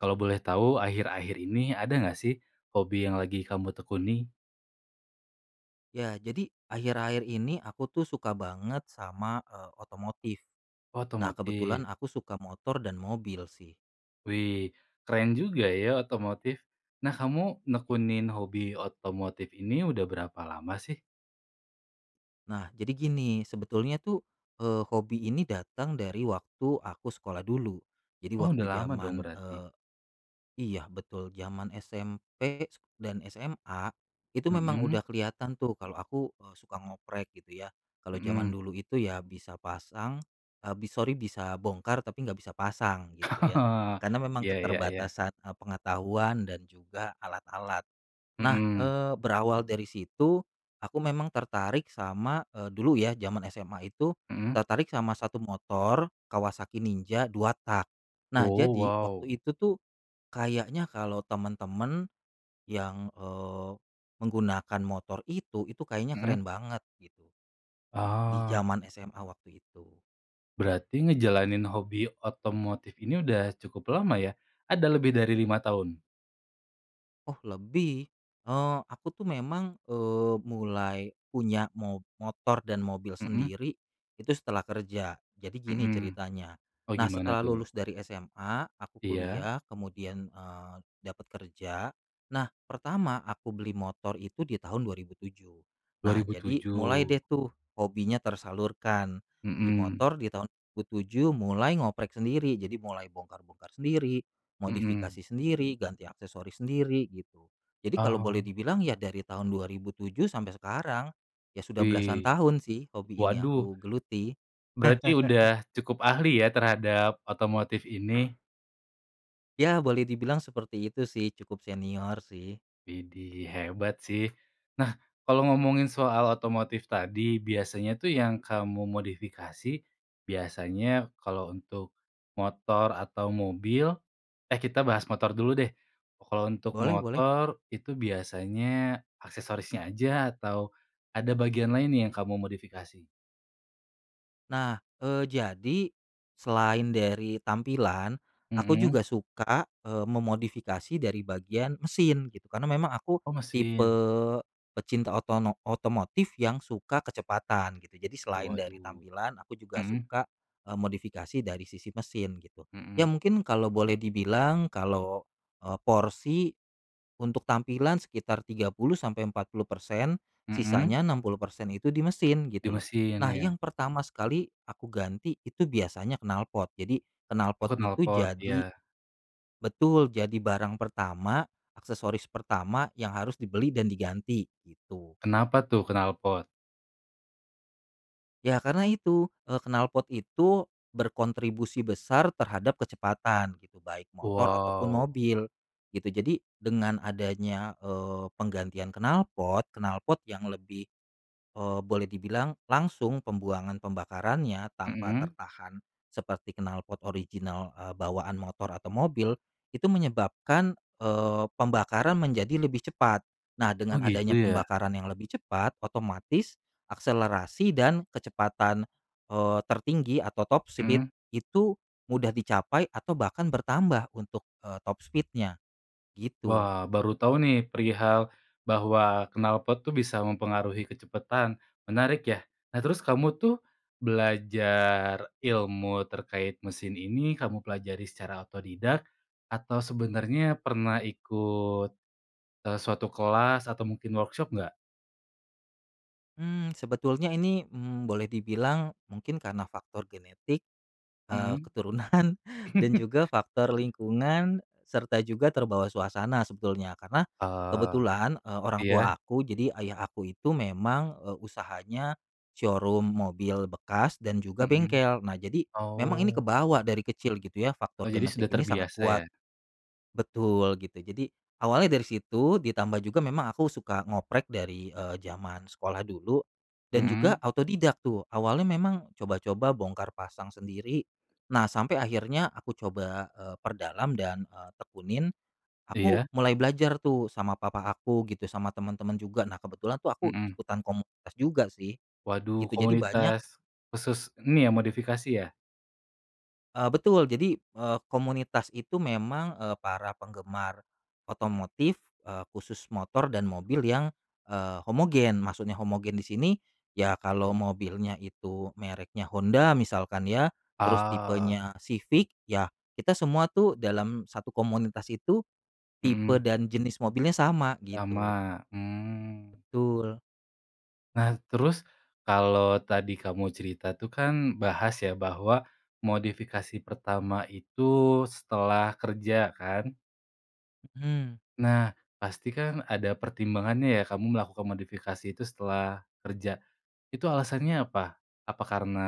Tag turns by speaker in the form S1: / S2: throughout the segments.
S1: Kalo boleh tau, akhir-akhir ini ada nggak sih hobi yang lagi kamu tekuni?
S2: Ya jadi akhir-akhir ini aku tuh suka banget sama, eee, otomotif. Nah,
S1: Otomotif.
S2: kebetulan aku suka motor dan mobil sih.
S1: Wih keren juga ya otomotif! Nah kamu
S2: Ya.
S1: nekunin hobi otomotif ini udah berapa lama sih?
S2: Nah, jadi gini sebetulnya tuh, eee, hobi ini datang dari waktu aku sekolah dulu. Jadi
S1: Oh, udah
S2: waktu
S1: lama dong
S2: jaman,
S1: berarti?
S2: eee iya betul, jaman SMP dan SMA, itu memang
S1: Mhm.
S2: udah kelihatan tuh kalo aku, eee, suka ngoprek gitu ya. Kalo jaman
S1: Mhm.
S2: dulu itu ya bisa pasang, eee, b sori bisa bongkar, tapi nggak bisa pasang gitu ya. Karna memang
S1: Ya ya ya.
S2: keterbatasan, eee, pengetahuan dan juga alat-alat. Nah,
S1: Mhm.
S2: eee, berawal dari situ, aku memang tertarik sama, eee, dulu ya jaman SMA itu,
S1: Mhm.
S2: tertarik sama satu motor, Kawasaki Ninja 2-tak. Nah,
S1: Oh,
S2: jadi
S1: wow!
S2: waktu itu tuh kayaknya kalo temen-temen yang, eee, menggunakan motor itu, itu kayaknya keren
S1: Mhm.
S2: banget gitu, di
S1: Oh.
S2: jaman SMA waktu itu.
S1: Berarti ngejalanin hobi otomotif ini udah cukup lama ya? Ada lebih dari 5 tahun?
S2: Oh lebih. Eee, aku tuh memang, eee, mulai punya mo motor dan mobil
S1: Mhm.
S2: sendiri itu setelah kerja. Jadi gini
S1: Mhm.
S2: ceritanya,
S1: Oh
S2: nah
S1: gimana
S2: setelah
S1: tuh?
S2: lulus dari SMA, aku
S1: Iya.
S2: kuliah kemudian, eee, dapet kerja. Nah pertama aku beli motor itu di tahun 2007,
S1: dua
S2: nah
S1: ribu
S2: jadi mulai
S1: tujuh.
S2: deh tuh hobinya tersalurkan, beli
S1: Mhm.
S2: motor di tahun 2007 mulai ngoprek sendiri. Jadi mulai bongkar-bongkar sendiri,
S1: Mhm.
S2: modifikasi sendiri, ganti aksesoris sendiri gitu. Jadi kalo boleh
S1: Oh.
S2: dibilang ya dari tahun 2007 sampe sekarang. Ya sudah belasan
S1: Wih.
S2: tahun sih hobi ini
S1: Waduh!
S2: aku geluti.
S1: Berarti udah cukup ahli ya terhadap otomotif ini?
S2: Ya boleh dibilang seperti itu sih, cukup senior sih.
S1: Idih hebat sih! Nah kalo ngomongin soal otomotif tadi, biasanya tuh yang kamu modifikasi, biasanya kalo untuk motor atau mobil eh kita bahas motor dulu deh. Kalo untuk
S2: Boleh boleh.
S1: motor, itu biasanya aksesorisnya aja atau ada bagian lainnya yang kamu modifikasi?
S2: Nah, eee, jadi selain dari tampilan, aku
S1: Mhm.
S2: juga suka, eee, memodifikasi dari bagian mesin gitu. Karena memang aku
S1: Oh,
S2: tipe
S1: mesin.
S2: pecinta otono otomotif yang suka kecepatan gitu, jadi selain dari
S1: Waduh.
S2: tampilan, aku juga
S1: Mhm.
S2: suka, eee, modifikasi dari sisi mesin gitu. Ya
S1: Mhm.
S2: mungkin kalau boleh dibilang, kalo, eee, porsi untuk tampilan sekitar 30-40%,
S1: Mhm.
S2: sisanya 60% itu di mesin,
S1: Di
S2: gitu loh.
S1: mesin
S2: Nah,
S1: ya.
S2: yang pertama sekali aku ganti itu biasanya knalpot, jadi knalpot
S1: Oh
S2: itu
S1: knalpot.
S2: jadi
S1: Iya.
S2: betul, jadi barang pertama, aksesoris pertama yang harus dibeli dan diganti gitu.
S1: Kenapa tuh knalpot?
S2: Ya karna itu, eee, knalpot itu berkontribusi besar terhadap kecepatan gitu, baik motor ataupun
S1: Wow!
S2: mobil gitu. Jadi dengan adanya, eee, penggantian knalpot, knalpot yang lebih, eee, boleh dibilang langsung pembuangan pembakarannya, tanpa
S1: Mhm.
S2: tertahan seperti knalpot original, eee, bawaan motor atau mobil, itu menyebabkan, eee, pembakaran menjadi lebih cepat. Nah, dengan
S1: Oh, gitu
S2: adanya
S1: ya.
S2: pembakaran yang lebih cepat, otomatis akselerasi dan kecepatan, eee, tertinggi atau top speed
S1: Mmm.
S2: itu mudah dicapai atau bahkan bertambah untuk, eee, top speed-nya gitu.
S1: Wah, baru tau nih perihal bahwa knalpot tuh bisa mempengaruhi kecepatan, menarik ya. Nah terus kamu tuh belajar ilmu terkait mesin ini, kamu pelajari secara otodidak, atau sebenernya pernah ikut, eee, suatu kelas atau mungkin workshop nggak?
S2: Mmm, sebetulnya ini, mmm, boleh dibilang mungkin karna faktor genetik, eee,
S1: Mhm.
S2: keturunan, dan juga faktor lingkungan, serta juga terbawa suasana sebetulnya. Karna
S1: Oh.
S2: kebetulan, eee, orang
S1: Iya.
S2: tua aku, jadi ayah aku itu memang, eee, usahanya showroom mobil bekas dan juga
S1: Mhm.
S2: bengkel. Nah jadi memang ini
S1: Oh.
S2: kebawa dari kecil gitu ya, faktor
S1: Oh, jadi
S2: genetik
S1: sudah
S2: ini sangat
S1: terbiasa
S2: kuat.
S1: ya.
S2: Betul gitu jadi awalnya dari situ, ditambah juga memang aku suka ngoprek dari, eee, jaman sekolah dulu, dan juga
S1: Mhm.
S2: otodidak tuh. Awalnya memang coba-coba bongkar pasang sendiri, nah sampe akhirnya aku coba, eeee, perdalam dan, eee, tekunin. Aku
S1: Iya.
S2: mulai belajar tuh sama papa aku gitu, sama temen-temen juga, nah kebetulan tuh aku
S1: Mhm.
S2: ikutan komunitas juga sih. Gitu,
S1: Waduh,
S2: jadi banyak
S1: komunitas khusus ini ya, modifikasi ya?
S2: Eee, betul. Jadi, eee, komunitas itu memang, eee, para penggemar otomotif, eee, khusus motor dan mobil yang, eee, homogen. Maksudnya homogen di sini, ya kalo
S1: Betul.
S2: mobilnya itu mereknya Honda misalkan ya, terus
S1: Ah.
S2: tipenya Civic, ya kita semua tuh dalam satu komunitas itu, tipe
S1: Mhm.
S2: dan jenis mobilnya sama gitu.
S1: Sama. Mmm.
S2: Betul.
S1: Nah terus kalo tadi kamu cerita tuh kan bahas ya bahwa modifikasi pertama itu setelah kerja kan.
S2: Mhm.
S1: Nah, pasti kan ada pertimbangannya ya kamu melakukan modifikasi itu setelah kerja. Itu alasannya apa? Apa karena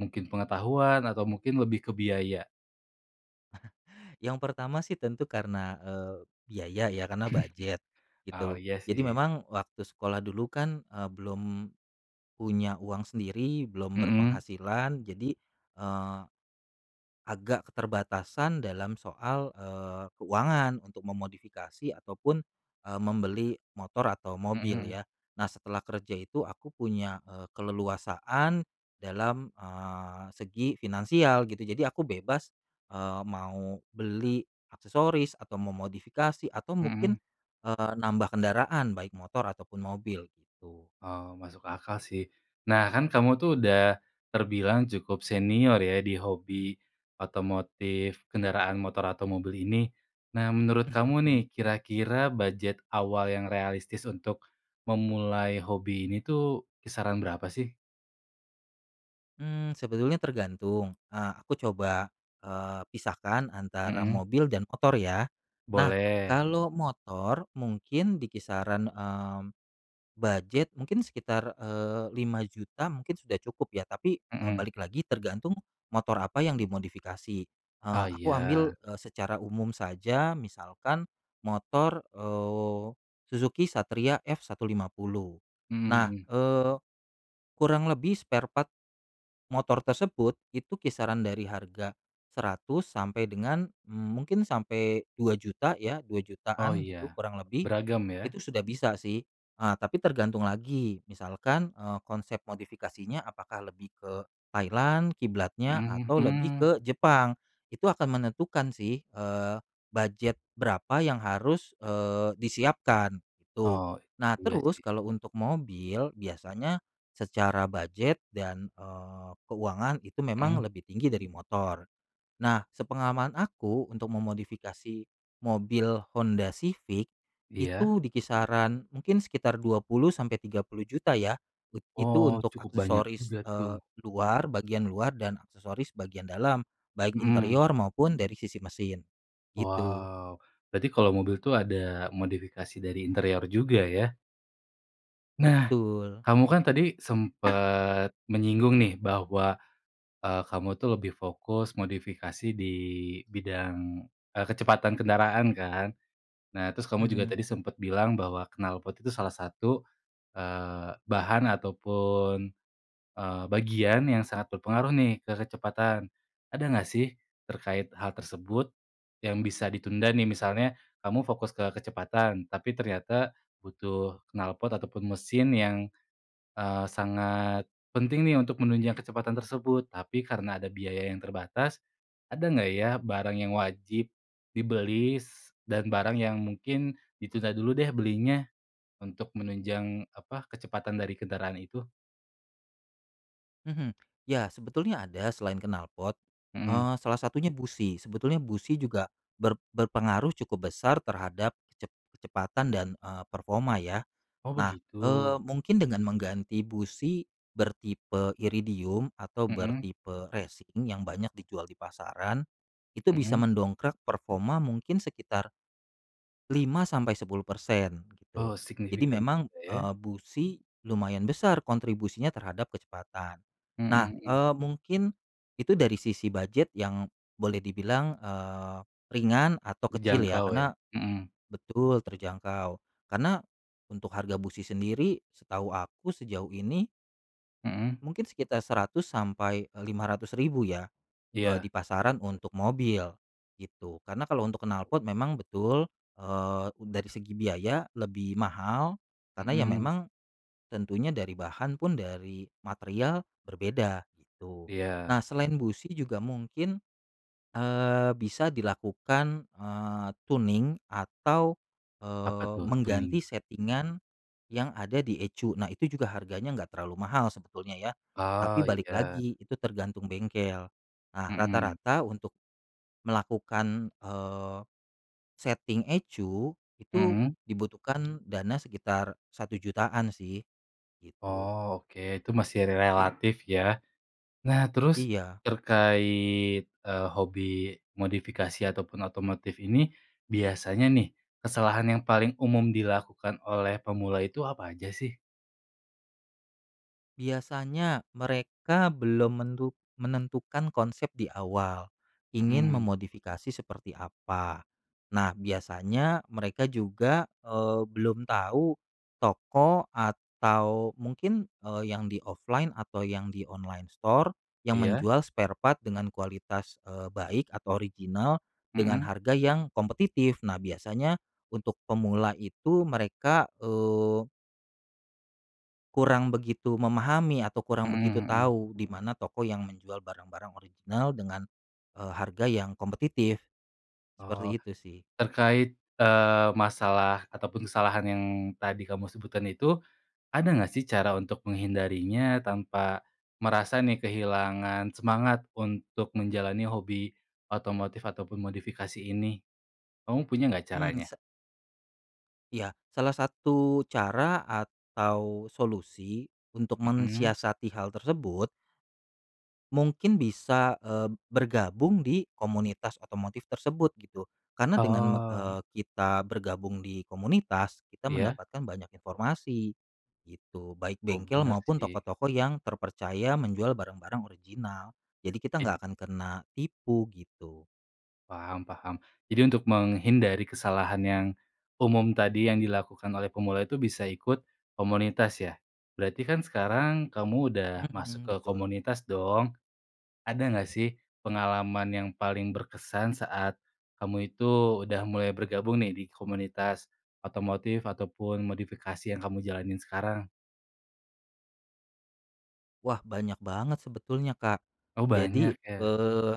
S1: mungkin pengetahuan atau mungkin lebih ke biaya?
S2: Yang pertama sih tentu karena, eee, biaya ya, karena budget,
S1: Oh
S2: gitu.
S1: iya
S2: Jadi
S1: sih.
S2: memang, waktu sekolah dulu kan, eee, belum, punya uang sendiri, belum
S1: Mhm.
S2: berpenghasilan, jadi, eee, agak keterbatasan dalam soal, eee, keuangan, untuk memodifikasi ataupun, eee, membeli motor atau mobil
S1: Mhm.
S2: ya. Nah setelah kerja itu aku punya, eee, keleluasaan, dalam, eee, segi finansial gitu. Jadi aku bebas, eee, mau, beli, aksesoris, atau memodifikasi, atau mungkin,
S1: Mhm.
S2: eee, nambah kendaraan, baik motor ataupun mobil gitu.
S1: Oh masuk akal sih. Nah kan kamu tuh udah, terbilang cukup senior ya di hobi, otomotif kendaraan motor atau mobil ini. Nah menurut kamu nih,
S2: Mhm.
S1: kira-kira budget awal yang realistis untuk, memulai hobi ini tuh, kisaran berapa sih?
S2: Mmm, sebetulnya tergantung, eee, aku coba, eee, pisahkan antara
S1: Mhm.
S2: mobil dan motor ya. Nah,
S1: Boleh.
S2: kalau motor mungkin di kisaran, eee, budget mungkin sekitar, eee, Rp5.000.000 mungkin sudah cukup ya, tapi, eee,
S1: Mhm.
S2: balik lagi tergantung motor apa yang dimodifikasi. Eee,
S1: Ah
S2: aku ambil,
S1: iya.
S2: eee, secara umum saja misalkan motor, eee, Suzuki Satria F150. Nah,
S1: Mhm.
S2: eee, kurang lebih spare part, motor tersebut, itu kisaran dari harga Rp100.000 sampai dengan, mmm, mungkin sampai Rp2.000.000 ya, dua
S1: Oh
S2: jutaan gitu,
S1: iya,
S2: kurang lebih,
S1: beragam ya.
S2: itu sudah bisa sih, eee, tapi tergantung lagi, misalkan, eee, konsep modifikasinya apakah lebih ke, Thailand kiblatnya,
S1: Mhm,
S2: atau lebih ke
S1: mmm.
S2: Jepang. Itu akan menentukan sih, eee, budget berapa yang harus, eee, disiapkan, gitu.
S1: Oh,
S2: Nah
S1: iya
S2: terus,
S1: sih.
S2: kalau untuk mobil, biasanya, secara budget dan, eee, keuangan, itu memang
S1: Mmm.
S2: lebih tinggi dari motor. Nah, sepengalaman aku, untuk memodifikasi, mobil Honda Civic,
S1: Iya.
S2: itu di kisaran, mungkin sekitar Rp20.000.000-Rp30.000.000 ya, ut itu
S1: Oh,
S2: untuk
S1: cukup banyak
S2: aksesoris,
S1: juga
S2: eee,
S1: tuh.
S2: luar, bagian luar, dan aksesoris bagian dalam, baik
S1: Mhm.
S2: interior maupun dari sisi mesin, gitu.
S1: Wow. Berarti kalau mobil itu ada, modifikasi dari interior juga ya? Nah,
S2: Betul.
S1: kamu kan tadi sempat, menyinggung nih, bahwa, eee, kamu tuh lebih fokus modifikasi di, bidang eee, kecepatan kendaraan kan. Nah terus kamu juga
S2: Mhm.
S1: tadi sempat bilang bahwa knalpot itu salah satu, eee, bahan ataupun, eee, bagian yang sangat berpengaruh nih, ke kecepatan. Ada nggak sih, terkait hal tersebut, yang bisa ditunda nih misalnya, kamu fokus ke kecepatan, tapi ternyata butuh knalpot ataupun mesin yang, eee, sangat penting nih untuk menunjang kecepatan tersebut, tapi karena ada biaya yang terbatas, ada nggak ya, barang yang wajib dibeli, dan barang yang mungkin, ditunda dulu deh belinya, untuk menunjang, apa, kecepatan dari kendaraan itu?
S2: Mhm, Ya sebetulnya ada selain knalpot,
S1: Mhm.
S2: eee, salah satunya busi, sebetulnya busi juga ber berpengaruh cukup besar terhadap kecep kecepatan dan, eee, performa ya.
S1: Oh
S2: Nah,
S1: begitu.
S2: eee, mungkin dengan mengganti busi bertipe iridium atau
S1: Mhm.
S2: bertipe racing yang banyak dijual di pasaran, itu bisa
S1: Mhm.
S2: mendongkrak performa mungkin sekitar 5% sampai 10% gitu.
S1: Oh
S2: Jadi
S1: signifikan
S2: memang,
S1: juga ya.
S2: eee, busi lumayan besar kontribusinya terhadap kecepatan. Nah,
S1: Mhm.
S2: eee, mungkin itu dari sisi bujet yang boleh dibilang, eee, ringan atau kecil ya,
S1: Dijangkau ya,
S2: karena
S1: mhm.
S2: betul terjangkau, karena untuk harga busi sendiri setahu aku sejauh ini
S1: Mhm.
S2: mungkin sekitar Rp100.000 sampai, eee, Rp500.000 ya, eee, di
S1: Iya.
S2: pasaran untuk mobil gitu, karena kalau untuk
S1: [unintelligible]
S2: knalpot memang betul, eee, dari segi biaya lebih mahal, karena ya
S1: Mhm.
S2: memang, tentunya dari bahan pun, dari material berbeda gitu. Nah
S1: Iya.
S2: selain busi juga mungkin, eee, bisa dilakukan, eee, tuning atau,
S1: Apa
S2: eee,
S1: tuh, tuning?
S2: mengganti setting-an yang ada di ECU, nah itu juga harganya enggak terlalu mahal sebetulnya ya, tapi
S1: Oh
S2: balik
S1: iya.
S2: lagi itu tergantung bengkel. Nah
S1: Mhm.
S2: rata-rata untuk melakukan, eee, setting ECU itu
S1: Mhm.
S2: dibutuhkan dana sekitar Rp1.000.000-an sih. Gitu.
S1: Oh oke, itu masih relatif ya. Nah terus
S2: Iya.
S1: terkait, eee, hobi modifikasi ataupun otomotif ini, biasanya nih kesalahan yang paling umum dilakukan oleh pemula itu apa aja sih?
S2: Biasanya mereka belum mentu menentukan konsep di awal, ingin
S1: Mhm.
S2: memodifikasi seperti apa. Nah biasanya mereka juga, eee, belum tahu toko atau mungkin, eee, yang di offline atau yang di online store yang
S1: Iya.
S2: menjual spare part dengan kualitas, eee, baik atau original dengan
S1: Mhm.
S2: harga yang kompetitif, nah biasanya untuk pemula itu mereka, eee kurang begitu memahami atau kurang begitu
S1: Mhm mhm.
S2: tahu di mana toko yang menjual barang-barang original dengan, eee, harga yang kompetitif. Seperti
S1: Oh,
S2: itu sih.
S1: terkait, eee, masalah ataupun kesalahan yang tadi kamu sebutkan itu, ada gak sih cara untuk menghindarinya tanpa merasa nih kehilangan semangat untuk menjalani hobi otomotif ataupun modifikasi ini? Kamu punya gak
S2: Hmm
S1: caranya?
S2: sa Iya, salah satu cara atau solusi untuk
S1: Mhm.
S2: mensiasati hal tersebut mungkin bisa, eee, bergabung di komunitas otomotif tersebut gitu. Karena dengan me
S1: Oh.
S2: eee, kita bergabung di komunitas, kita
S1: Iya.
S2: mendapatkan banyak informasi gitu, baik
S1: Oh
S2: bengkel
S1: bener
S2: maupun
S1: sih.
S2: toko-toko yang terpercaya menjual barang-barang original. Jadi kita
S1: Idi
S2: nggak akan kena tipu, gitu.
S1: Paham paham jadi untuk menghindari kesalahan yang umum tadi, yang dilakukan oleh pemula itu bisa ikut komunitas ya. Berarti kan sekarang kamu udah masuk
S2: Mhm,
S1: ke
S2: Betul.
S1: komunitas dong. Ada gak sih pengalaman yang paling berkesan saat kamu itu udah mulai bergabung nih di komunitas otomotif ataupun modifikasi yang kamu jalanin sekarang?
S2: Wah banyak banget sebetulnya Kak.
S1: Oh
S2: Jadi,
S1: banyak ya?
S2: eee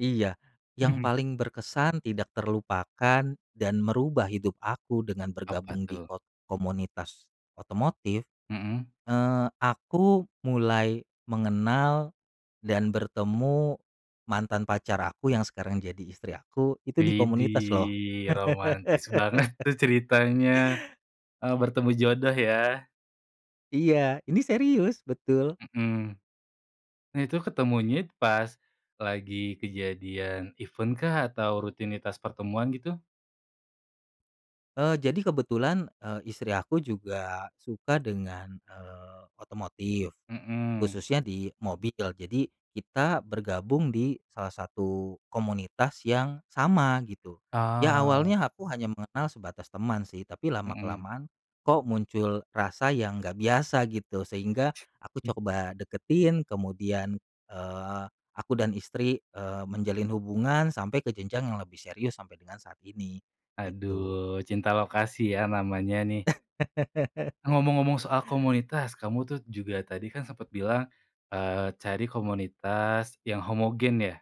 S2: iya, yang
S1: Mhm.
S2: paling berkesan, tidak terlupakan, dan merubah hidup aku dengan
S1: Apa
S2: bergabung di
S1: tuh?
S2: ko komunitas otomotif,
S1: Mhm.
S2: eee, aku mulai mengenal dan bertemu mantan pacar aku yang sekarang jadi istri aku, itu di komunitas loh.
S1: Widih romantis banget tuh ceritanya. Oh bertemu jodoh ya.
S2: Iya, ini serius, Betul.
S1: Mhm. Nah itu ketemunya pas lagi kejadian event-kah atau rutinitas pertemuan gitu?
S2: Eee, jadi kebetulan, eee, istri aku juga suka dengan, eee, otomotif,
S1: Mhm.
S2: khususnya di mobil. Jadi kita bergabung di salah satu komunitas yang sama gitu. Ya
S1: Ah.
S2: awalnya aku hanya mengenal sebatas teman sih, tapi lama
S1: Mhm.
S2: kelamaan kok muncul rasa yang nggak biasa gitu, sehingga aku
S1: Hmm.
S2: coba deketin kemudian, eee, aku dan istri, eee, menjalin hubungan sampai ke jenjang yang lebih serius sampai dengan saat ini, gitu.
S1: Aduh, cinta lokasi ya namanya nih. Ngomong-ngomong soal komunitas, kamu tuh juga tadi kan sempet bilang, eee, cari komunitas yang homogen ya?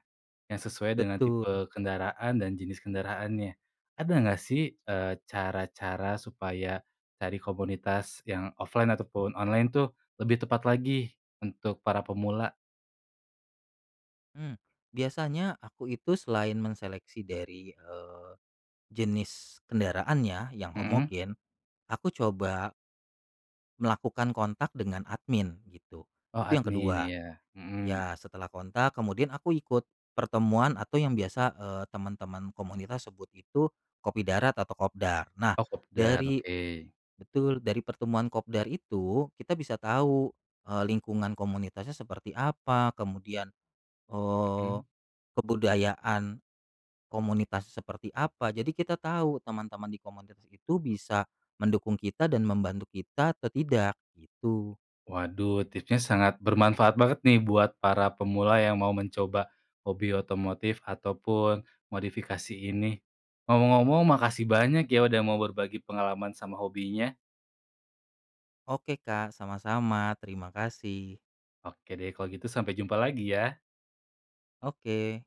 S1: Yang sesuai dengan
S2: Betul.
S1: tipe kendaraan dan jenis kendaraannya. Ada gak sih, eee, cara-cara supaya cari komunitas yang offline ataupun online tuh lebih tepat lagi untuk para pemula?
S2: Mmm, biasanya aku itu selain mengseleksi dari, eee, jenis kendaraan ya, yang
S1: Mhm.
S2: homogen. Aku coba melakukan kontak dengan admin gitu,
S1: Oh,
S2: itu yang
S1: admin
S2: ke-2.
S1: ya. Mhm.
S2: Ya setelah kontak kemudian aku ikut pertemuan atau yang biasa, eee, temen-temen komunitas sebut itu kopi darat atau kopdar. Nah,
S1: Oh, kopdar.
S2: dari
S1: Oke.
S2: betul, dari pertemuan kopdar itu kita bisa tahu, eee, lingkungan komunitasnya seperti apa, kemudian, eee,
S1: Mhm.
S2: kebudayaan komunitasnya seperti apa, jadi kita tahu temen-temen di komunitas itu bisa mendukung kita dan membantu kita atau tidak, gitu.
S1: Waduh, tipsnya sangat bermanfaat banget nih buat para pemula yang mau mencoba hobi otomotif ataupun modifikasi ini. Ngomong-ngomong, makasih banyak ya udah mau berbagi pengalaman sama hobinya.
S2: Oke Kak, sama-sama. Terima kasih.
S1: Oke deh kalo gitu, sampai jumpa lagi ya.
S2: Oke.